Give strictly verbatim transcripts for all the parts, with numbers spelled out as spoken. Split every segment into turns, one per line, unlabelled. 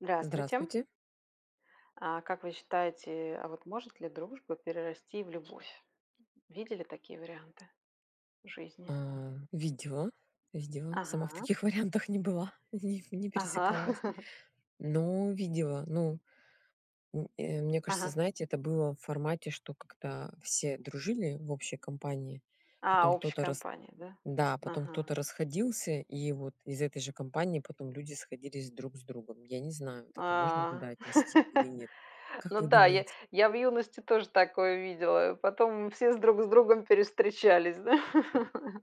Здравствуйте.
Здравствуйте.
А как вы считаете, а вот может ли дружба перерасти в любовь? Видели такие варианты в жизни?
А, видела, сделала, сама в
Ага.
таких вариантах не была, неп не
Ага.
пересекалась. Но видела, ну, м, э, мне кажется,
Ага.
знаете, это было в формате, что как-то все дружили в общей компании,
А,
потом
общей
кто-то рас
компанией, да?
да, потом
Ага.
кто-то расходился, и вот из этой же компании потом люди сходились друг с другом. Я не знаю, вот это можно
А.
туда отнести или нет? Как
Ну
вы
да, я
думаете?
я в юности тоже такое видела. Потом все с друг с другом перевстречались, да?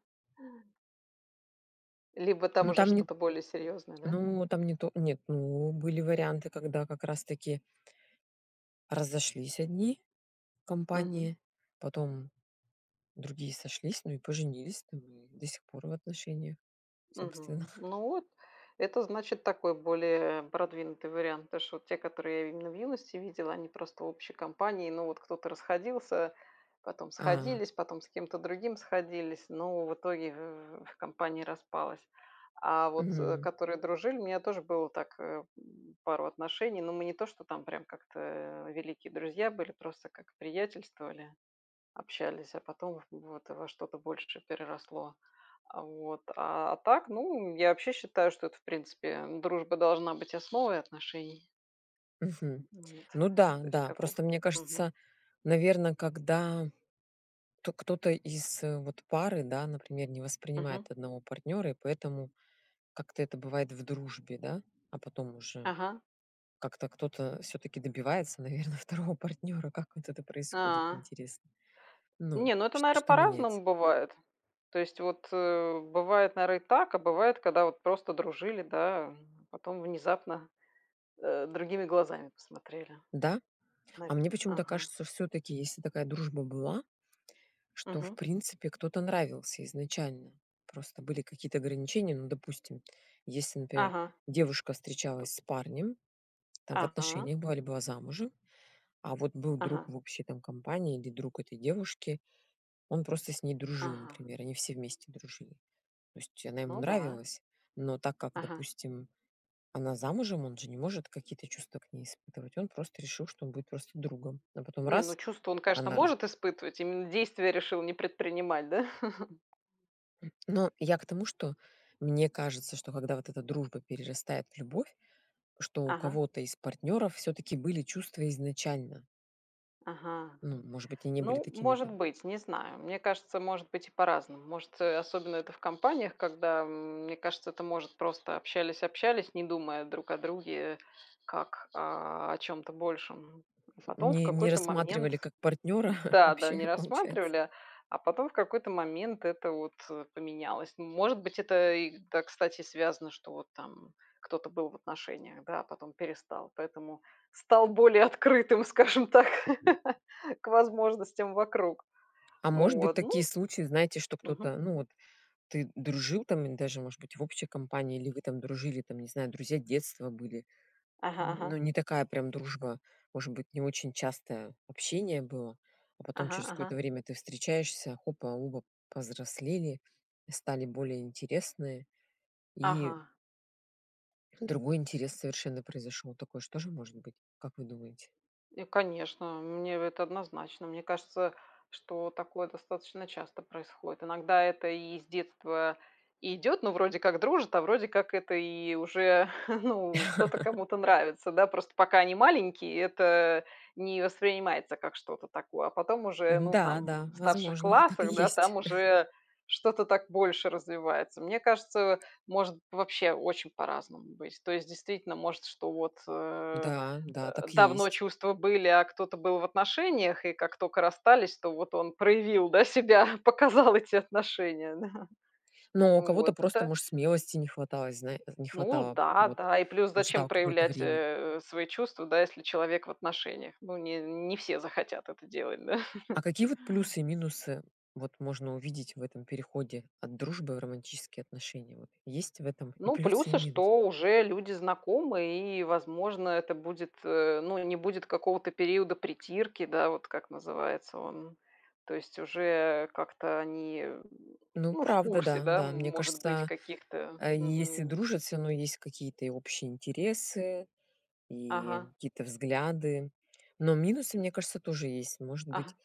Либо там
Ну,
уже
там не т
что-то более серьезное, да?
Ну, там не то нет, ну, были варианты, когда, как раз-таки разошлись одни
Мгм.
компании, потом другие сошлись, ну, и поженились, там, и до сих пор в отношениях, собственно.
Мгм. Ну, вот это, значит, такой более продвинутый вариант. Потому что, вот те, которые я именно в юности видела- они просто в общей компании. Ну, вот кто-то расходился, потом
А.
сходились, потом с кем-то другим сходились, но, в итоге, в в в компания распалась. А, вот,
Мгм.
которые дружили, у меня тоже было так, э, м, пару отношений. Но мы не то, что там прям как-то великие друзья были, просто, как приятельствовали, общались, а потом вот во что-то большее переросло. А вот, а, так, ну, я вообще считаю, что это, в принципе, дружба должна быть основой отношений.
Мгм.
Ну, вот,
Ну да,
то есть
да.
каков
Просто, мне кажется,
Мгм.
наверно, когда то кто-то из вот пары, да, например, не
Мгм.
воспринимает одного партнёра, и поэтому как-то это бывает в
М.
дружбе, да, а потом уже
Ага.
как-то кто-то всё-таки добивается, наверно, второго партнёра. Как вот это происходит,
А.
интересно? Ну,
Не, ну это,
чт
наверно,
что меняется?
по-разному бывает. То есть вот, э, бывает, наверно, и так, а бывает, когда вот просто дружили, да, а потом внезапно, э, другими глазами посмотрели,
Да? А
навь
мне почему-то
ага.
кажется, всё-таки, если такая дружба была, что, в
Мгм.
принципе, кто-то нравился изначально. Просто были какие-то ограничения. Ну, допустим, если, например,
Ага.
девушка
Кто
встречалась с парнем, там, в
Ага.
отношениях была, или была замужем, а вот был друг
Ага.
в общей, там, компании или друг этой девушки, он просто с ней дружил,
Ага.
например, они все вместе дружили. То есть она ему
Ну да.
нравилась, но так как,
Ага.
допустим, она замужем, он же не может какие-то чувства к ней испытывать. Он просто решил, что он будет просто другом, а потом-
Не, ну
раз,
чувства он, конечно,
она раз
может испытывать, именно действия решил не предпринимать, да?
М. Но я к тому, что, мне кажется, что когда вот эта дружба перерастает в любовь, что у
Ага.
кого-то из партнеров всё-таки были чувства изначально.
Ага.
Ну, может быть, и не были
Ну,
такими
может
там
быть, не знаю. Мне кажется, может быть и по-разному. Может, э, особенно, это в компаниях, когда, мне кажется, это, может, просто общались-общались, не думая друг о друге, как о о чём-то большем.
Хм.
Потом, в
Не не
какой-то момент
рассматривали, как партнёра,
Да-да,
вообще,
не
получается?
рассматривали, а потом, в какой-то момент, это вот, э, поменялось. Ну, может быть, это, и, да, кстати, связано, что вот там кто-то был в отношениях, да, а потом перестал, поэтому стал более открытым, скажем так, к возможностям вокруг.
А, может быть,
Вот, ну
такие случаи, знаете, что
Мгм.
кто-то, ну, вот ты дружил там, ин даже, может быть, в общей компании, или вы там дружили, там, не знаю, друзья детства были.
Ага. Ага.
Ну, не такая прям дружба. Может быть, не очень частое общение было, а потом
Ага.
через какое-то
Ага.
время ты встречаешься- хопа, оба повзрослели, стали более интересные, и
Ага.
Другой интерес совершенно произошёл. Такое ж тоже может быть? Как вы думаете?
Э, конечно, мне это однозначно. Мне кажется, что такое достаточно часто происходит. Иногда это и с детства и идет, но вроде как дружат, а вроде как это и уже, ну, кто-то кому-то нравится, да. Просто, пока они маленькие, это не воспринимается, как что-то такое. А потом уже, ну,
Да,
там
да,
в старших
возможно. Так и
классах, да,
есть.
там уже что-то так больше развивается. Мне кажется, может вообще очень по-разному быть. То есть, действительно, может, что вот, э,
Да, да, так и
давно
есть.
чувства были, а кто-то был в отношениях и как тока расстались, то вот он проявил, да, себя, показал эти отношения, да.
Но у
Ну,
кого-то
вот
просто
это
может смелости не хватало, знае не
Ну
хватало,
да,
вот,
да. И плюс,
он
зачем
ждал какое-то
проявлять,
время.
э, свои чувства да, если человек в отношениях? Ну, не не все захотят это делать, да.
А какие вот плюсы и минусы вот можно увидеть в этом переходе от дружбы в романтические отношения? Вот есть в этом и
Ну,
плюсы, и
плюсы,
минусы?
что уже люди знакомы и, возможно, это будет, э, ну, не будет какого-то периода притирки, да, вот, как называется он. То есть уже как-то они,
Ну,
ну, в
правда,
курсе,
да,
да,
да. Мне
может быть
кажется,
каких-то,
если
мгм.
дружат, всё равно есть какие-то и общие интересы, и
Ага.
какие-то взгляды, но минусы, мне кажется, тоже есть. Может
Ага,
быть,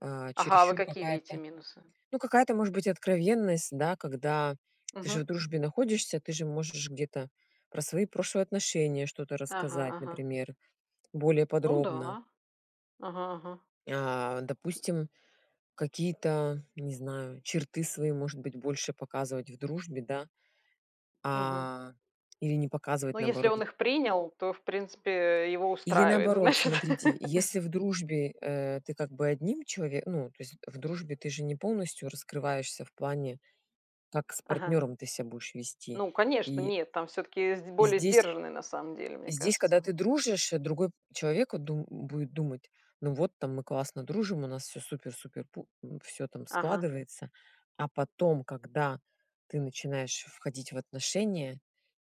а,
а Ага, а вы
чересчур
какие видите
какая-то,
минусы?
ну, какая-то может быть откровенность, да, когда ты же в
Мгм.
дружбе находишься, ты же можешь где-то про свои прошлые отношения что-то
Ага,
рассказать,
ага.
например, более
Ну
подробно.
да. Ага, ага.
А допустим, какие-то, не знаю, черты свои может быть больше показывать в дружбе, да,
Мгм.
а, или не показывать,
Ну, если
наоборот
он
в
их принял, то, в принципе, его
Или
устраивает,
наоборот,
значит.
смотрите: если в дружбе, э, ты как бы одним челове ну, то есть в дружбе ты же не полностью раскрываешься в плане, как с
Ага.
партнёром ты себя будешь вести.
Ну, конечно,
И
нет. Там всё-таки сде более
здесь
сдержанный, на самом деле, мне
здесь, когда
кажется.
ты дружишь, другой человеку от ду будет думать: "Ну вот, там мы классно дружим, у нас всё супер-супер пу м, всё там
Ага.
складывается". А потом, когда ты начинаешь входить в отношения,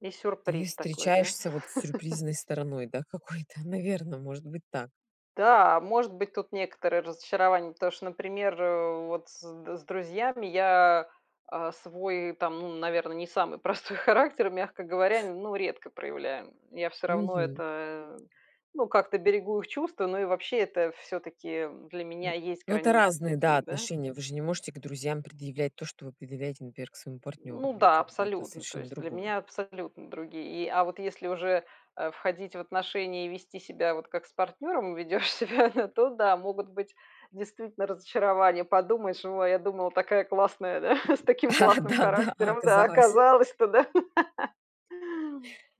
И
ты
сюрприз такой, да?
встречаешься вот с сюрпризной стороной, да, какой-то, наверное, может быть так.
Да, может быть тут некоторые разочарования, потому что, например, э, вот с д с друзьями я, а, свой, там, ну, наверно, не самый простой характер, мягко говоря, ну, редко проявляем. Я всё равно
Мгм.
это, ну, как-то берегу их чувства, но и вообще, это всё-таки, м, для меня
М,
есть
ну, это
границы
разные, да,
такие, да.
отношения. Вы же не можете к друзьям предъявлять то, что вы предъявляете, например, к своему партнеру.
Ну
Ну,
да,
как бы это
абсолютно. То
совершенно
есть, для
другое.
меня абсолютно другие. И а вот если уже, э, входить в отношения и вести себя, вот как с партнёром ведёшь себя, то да, могут быть, действительно, разочарования. Подумаешь: "О, а я думала, такая классная, да, с таким классным
Да, да,
характером. Да, а
оказалось.
оказалось то, да".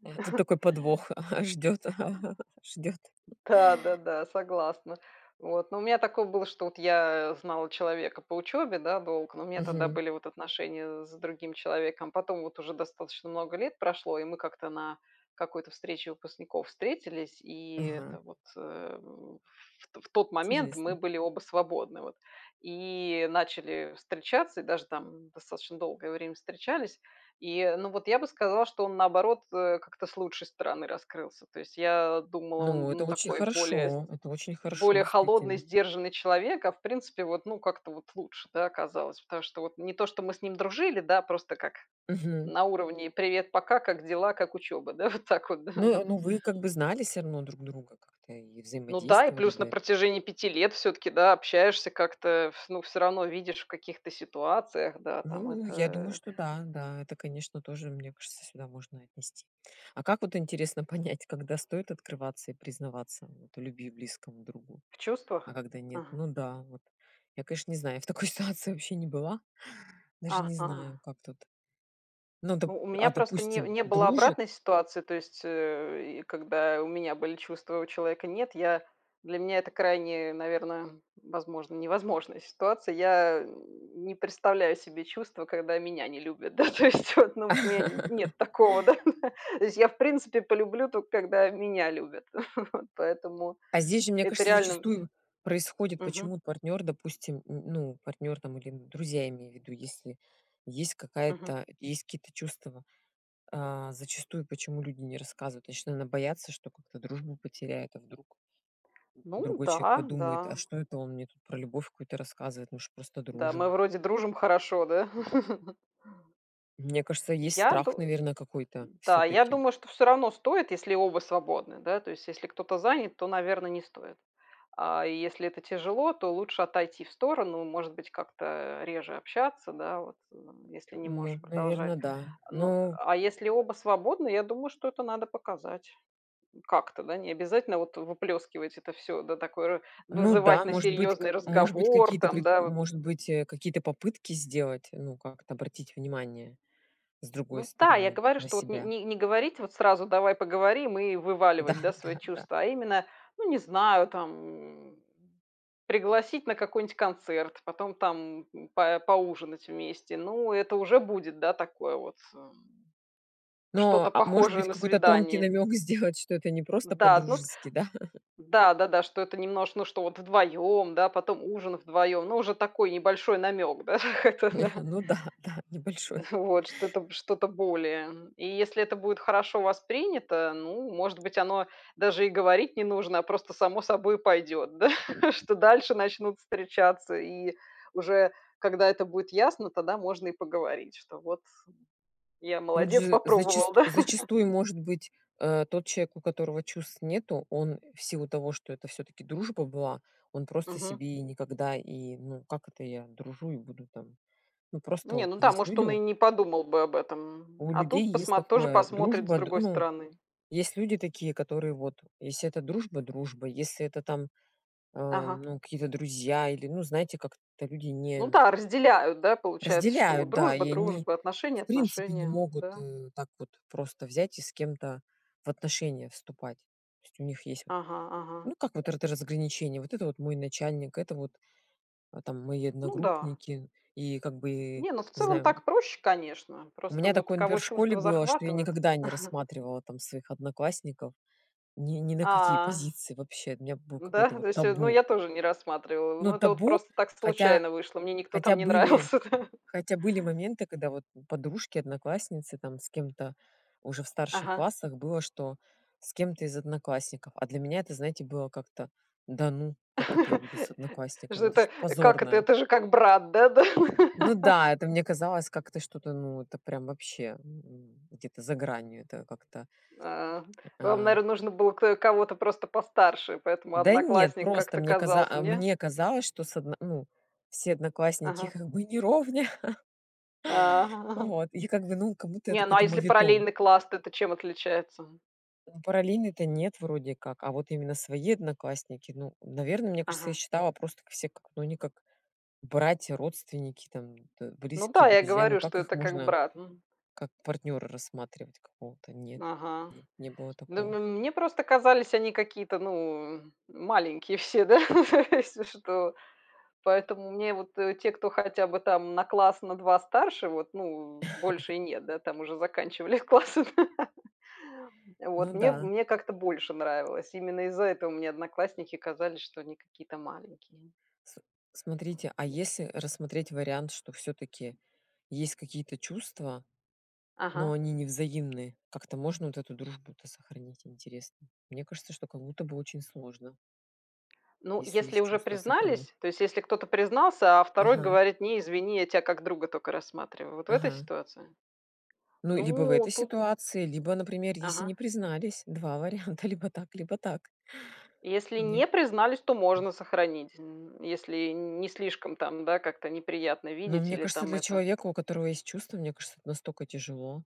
А тут такой подвох ждёт, ждёт.
Да, да-да, согласна. Вот, но у меня такое было, что вот я знала человека по учёбе, да, долго. Но у меня тогда
Мгм.
были вот отношения с другим человеком. Потом вот уже достаточно много лет прошло, и мы как-то на какой-то встрече выпускников встретились. И это
Мгм.
вот, э, вт в тот момент мы
Интересно.
были оба свободны вот. И начали встречаться, и даже там достаточно долгое время встречались. И, ну, вот, я бы сказала, что он, наоборот, э, как-то с лучшей стороны раскрылся. То есть, я думала, он,
Ну, это
ну,
очень
такой более сд
хорошо. Это очень хорошо,
более холодный,
действительно.
сдержанный человек, а, в принципе вот, ну, как-то вот лучше, да, оказалось. Потому что вот, не то, что мы с ним дружили, да, просто как
Мгм.
на уровне "привет пока, как дела, как учёба?" Да, вот так вот да.
Ну ну, вы как бы знали всё равно друг друга как-то и
Ну да, и
взаимодействовали,
плюс на
да.
протяжении пяти лет всё-таки, да, общаешься как-то, ф ну, всё равно видишь в каких-то ситуациях, да, там
Ну, я думаю,
это.
что да, да. Это, конечно, тоже, мне кажется, сюда можно отнести. А как вот интересно понять, когда стоит открываться и признаваться от в любви близкому другу?
В
А
чувствах?
когда нет?
Ага.
Ну да, вот я, конечно, не знаю, я в такой ситуации вообще не была, даже не
Ага.
знаю, как тут. Ну дап
У у меня
а,
просто не
допустим,
не было
дружит?
обратной ситуации, то есть, э, и когда у меня были чувства, а у человека- нет. Я для меня это крайне, наверно, возможно, невозможная ситуация. Я не представляю себе чувства, когда меня не любят, да, то есть, вот, ну, вот у меня нет такого, да? То есть я, в принципе, полюблю только когда меня любят. Поэтому
А здесь же, мне
это
кажется,
реально
зачастую происходит
Мгм.
Почему партнёр, допустим, н ну, партнёр там или друзья, имею в виду, если есть
Мгм.
какая-то есть какие-то чувства, а, зачастую почему люди не рассказывают? Значит, наверно, боятся, что как-то дружбу потеряет, а вдруг
Ну
другой человек
да,
подумает:
да.
"А что это он мне тут про любовь какую-то рассказывает, мы ж просто
Да, мы
дружим".
вроде дружим хорошо, да?
Мне кажется, есть
Я
страх,
ду
наверно, какой-то
да, я
всё-таки.
думаю, что всё равно стоит, если оба свободны, да. То есть, если кто-то занят, то, наверно, не стоит. А если это тяжело, то лучше отойти в сторону, может быть, как-то реже общаться, да вот, м, если не
Ну,
можешь продолжать.
наверно, да.
Ну,
Ну.
а если оба свободны, я думаю, что это надо показать как-то, да. Необязательно вот выплескивать это всё, да, такое
Ну да,
вызывать на
может быть как,
серьезный
может быть,
разговор,
какие-то
там,
пре
да, вот.
может быть, э, какие-то попытки сделать, ну, как-то обратить внимание с другой
Ну да, я
стороны
говорю,
на
что вот не
себя.
не не говорить вот сразу: "Давай поговорим",- и
Да,
вываливать, да, свои
да, да.
чувства, а именно, ну, не знаю там, пригласить на какой-нибудь концерт, потом там па поужинать вместе. Ну, это уже будет, да, такое вот, эм,
Но,
что-то
а может
похожее
быть,
на
какой-то тонкий
свидание.
намёк сделать, что это не просто
Да, ну вот,
по-дружески, да?
да-да-да. Что это немнож ну, что вот вдвоем, да, потом ужин вдвоем, но уже такой небольшой намек да, так это да.
Ну да, да, небольшой.
Вот что-то, что-то более. И если это будет хорошо воспринято, ну, может быть, оно даже и говорить не нужно, а просто само собой пойдёт, да, что дальше начнут встречаться. И уже когда это будет ясно, тогда можно и поговорить, что вот, я
Тут
молодец
же,
попробовал,
зачасту
да.
зачастую может быть, а, тот человек, у которого чувств нету, он, в силу того, что это всё-таки дружба была, он просто
Мгм.
себе и никогда и, ну, как это я дружу и буду там? Ну, просто
Не,
вот
ну да,
есть
может
люди
он и
у
не подумал бы об этом,
У
а
людей
тут
есть
посмот тоже
такое:
посмотрит с
дружба др
другой
Ну,
стороны.
есть люди такие, которые вот: если это дружба- дружба, если это там, ам,
Ага.
ну, какие-то друзья или, ну, знаете, как-то люди
Ну
не
да, разделяют, да, получается, что
Разделяют, да,
дружба-
и они
дружба, отношения-
в принципе не
отношения,
могут,
да.
э, так вот просто взять и с кем-то в отношения вступать. То есть, у них есть вот,
Ага,
ну,
ага.
как вот р это разграничение: вот это вот мой начальник, это вот там мои
Ну да.
одногруппники, и как бы,
Не, ну в
не
целом
знаю.
так проще, конечно.
У
Просто
меня
вот у
такое, например,
кого
в школе
чувство
было, что я
захватывает.
никогда не рассматривала там своих одноклассников ни ни на какие
А.
позиции вообще, у меня было
Ну да,
какое-то вот
то есть, ну
табу.
я тоже не рассматривала.
Но
Но это вот
табу,
просто так
хотя
случайно вышло. Мне никто
хотя
там не
были,
нравился, да.
хотя были моменты, когда вот подружки, одноклассницы там с кем-то уже в старших
Ага.
классах было, что с кем-то из одноклассников. А для меня это, знаете, было как-то: "Да ну, как это я буду с
Что
одноклассниками, это
это?
что-то
Как это?
позорное".
Это же как брат, да-да.
Ну да, это мне казалось как-то что-то, ну, это прям вообще где-то за гранью, это как-то,
А. Вам,
а.
наверное, нужно было кто, э кого-то просто постарше, поэтому
Да нет,
одноклассник
просто
как-то
мне каза
казался,
а
не?
мне казалось, что с одно ну, все одноклассники-
Ага.
как бы не ровня.
А.
Вот, и как бы, ну, как будто
Не,
это
ну а
какой-то
если
моветон.
параллельный класс, то это чем отличается?
Параллельные то нет, вроде как, а вот именно свои одноклассники Ну, наверное, мне кажется, я
Ага.
считала просто так все как, ну, они как братья, родственники, там, да,
Ну да,
близкие,
я и
друзья, ну
говорю, что
как их
это как
можно
брат, м.
как партнёра рассматривать какого-то? Нет
Ага.
нет, не было
Ну,
такого.
м мне просто казались они какие-то, ну, маленькие все, да, если что. Поэтому мне вот, э, те, кто хотя бы на класс, на два старше вот, ну, больше и нет да, там уже заканчивались классы.
Ну
Вот мне
да.
мне как-то больше нравилось. Именно из-за этого мне одноклассники казались, что они какие-то маленькие.
Сл смотрите, а
[unintelligible]
если рассмотреть вариант, что всё-таки есть какие-то чувства, но
Ага.
они не взаимны, как-то можно вот эту дружбу-то сохранить, интересно? Мне кажется, что как будто бы очень сложно.
Ну,
Если
если
есть
уже
чувства- сохрани.
признались, то есть, если кто-то признался, а второй
Ага.
говорит: "Не, извини, я тя, как друга тока рассматриваю",- вот в этой
Ага.
ситуации?
Ну, либо в
Ну,
этой
тут
ситуации, либо, например, если не
Ага.
признались, два варианта, либо так, либо так.
Если
Не
не признались, то
д
можно сохранить н если н не слишком там, да, как-то неприятно
Но,
видеть
мне
или
кажется,
там
для
это
человека, у которого есть чувства, мне кажется, это настока тяжело.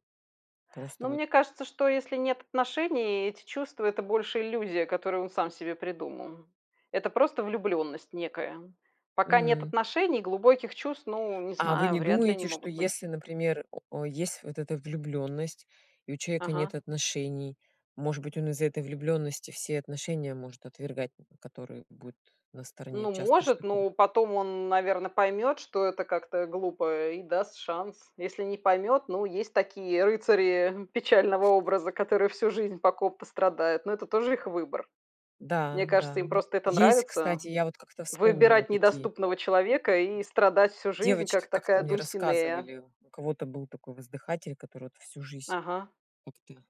Просто
Ну,
вот
мне кажется, что если нет отношений, и эти чувства- это больше иллюзия, которую он сам себе придумал. Это просто влюбленность некая. Пока нет
М.
отношений, глубоких чувств, ну, не
А вы
знаю,
не
вряд ли, они
думаете, что
могут быть.
если, например, э, есть вот эта влюбленность, и у человека
Ага.
нет отношений. Может быть, он из-за этой влюбленности все отношения может отвергать, н которые будут на стороне?
Ну,
Часто ж
может,
таком
но потом он, н наверно, поймет, что это как-то, э, глупо, и даст шанс. Если не поймет- ну, есть такие рыцари, э, печального образа, которые всю жизнь, по ком-то страдают. Но это тоже их выбор. Мне
Да, да,
кажется, им
м,
просто это
есть,
нравится:
кстати, я вот как-то вспомнила:
выбирать
такие,
недоступного человека
м,
и страдать всю жизнь,
девочки
как
как-то
такая
мне
Дульсинея.
рассказывали, у кого-то был такой воздыхатель, который вот всю жись,
Ага.
как-то,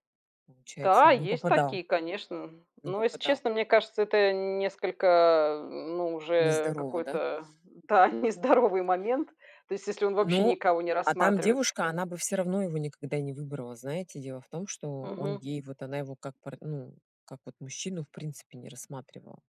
получается,
Да,
не
есть
попадал.
такие, конечно.
Не
Но, если
попадал.
честно, мне кажется, это н несколько, э, ну уже
Нездорово, да?
какой-то, да, нездоровый момент. То есть, если он вообще
Ну,
никого не
а там
рассматривает.
девушка- она бы всё равно его никогда и не выбрала. Знаете, дело в том, что он
Мгм.
ей вот она его, как пар ну, как вот мужчину, в принципе не рассматривала.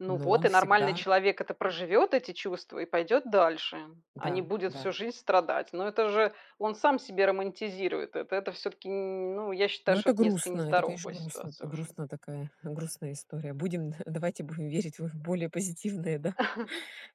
Ну,
Но
вот
он
и нормальный
всегда
человек это проживет, эти чувства и пойдет дальше, а не
Да,
будет
да.
всю жизнь страдать. Но это уже он сам себе романтизирует это. Это всё-таки, н н ну, я считаю,
Но
что
это
это несколько
грустно, это, конечно,
нездоровая
грустно, а,
ситуация уже.
грустно такая, грустная история. Будем, д давайте будем верить в их более позитивные, да,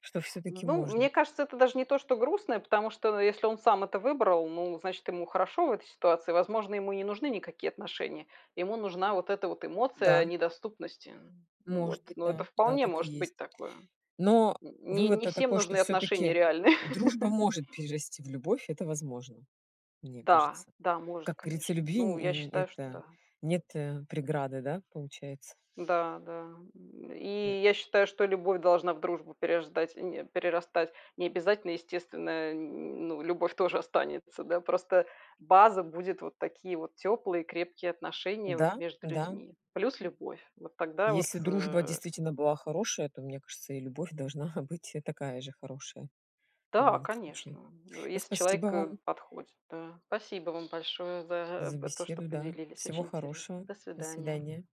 что всё-таки
Ну,
можно.
мне кажется, это даже не то, что грустное, потому что, э, если он сам это выбрал, ну, значит, ему хорошо в этой ситуации. Возможно, ему и не нужны никакие отношения: ему нужна вот эта вот эмоция, э,
Да.
недоступности. М, вот.
Может быть,
Но
да.
это
Да,
вполне
так и
может
есть.
быть такое.
Но
Н не не
вывод-то
всем
такой, что
нужны отношения
всё-таки
реальные.
дружба может перерасти в любовь- это возможно. Мне
Да,
кажется.
да, может,
Как горится,
конечно.
любви
Ну,
н э,
я
н
считаю, что
это
да.
нет, э, преграды, да, получается?
Да, да. М,
Э
и я считаю, что любовь должна в дружбу переждать, э, н э, перерастать. Не обязательно, естественная, э, н ну, любовь тоже останется, да. Просто база будет- вот такие вот теплые и крепкие отношения вот
Да,
между
да.
людьми. Плюс любовь. Вот тогда вот,
Если дружба
э
действительно была хорошая, то мне кажется, и любовь должна быть, э, такая же хорошая. В
Да,
любом случае.
конечно. Э,
Ну,
если
спасибо
человек,
вам
э, подходит, да. Спасибо вам большое за а,
за
по то, что
беседу, да.
поделились.
Всего
Очень интересно.
хорошего.
До
До
свидания.
свидания.